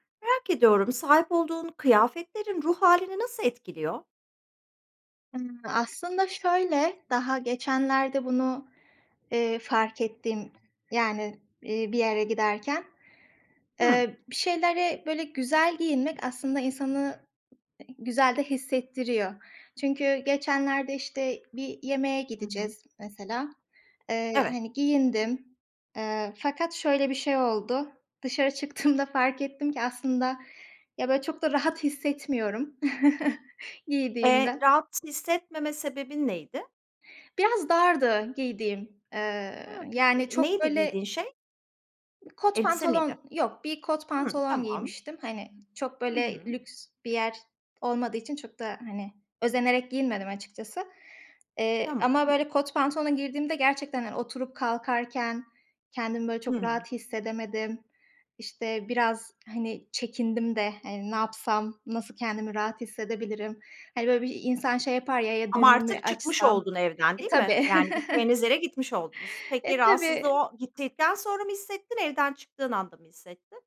Merak ediyorum, sahip olduğun kıyafetlerin, ruh hâlini nasıl etkiliyor? Imm, aslında şöyle; daha geçenlerde bunu, eee, fark ettim, yani, eee, bir yere giderken. Hımm. Eee, bir şeylere böyle güzel giyinmek aslında insanı, ı güzel de hissettiriyor. Çünkü geçenlerde işte bir yemeğe Hı hı. gideceğiz, mesela. Eee, Evet. hani, giyindim. Eee, fakat şöyle bir şey oldu. Dışarı çıktığımda fark ettim ki, aslında ya, böyle çok da rahat hissetmiyorum, Eee, giydiğimden. rahat hissetmeme sebebin neydi? Biraz dardı giydiğim. Eee Ha, [unintelligible] yani çok neydi böyle giydiğin şey? Kot Elbise miydi? pantolon yok, bir kot Hımm, pantolon tamam. giymiştim. Hani, çok Hı böyle hı. lüks bir yer olmadığı için, çok da hani, özenerek giyinmedim açıkçası. Eee, ama Tamam. böyle kot pantolona girdiğimde gerçekten, hani, oturup kalkarken kendimi böyle çok Hımm. rahat hissedemedim. İşte biraz hani çekindim de hani ne yapsam, nasıl kendimi rahat hissedebilirim? Hani, böyle bir insan şey yapar ya, ya, Ama düğme mi artık çıkmış açsam? oldun evden, E, değil mi? tabii. Yani, gideceğiniz yere gitmiş, oldunuz. Peki, E, rahatsızlığı tabii. o gittikten sonra mı hissettin? Evden çıktığın anda mı hissettin?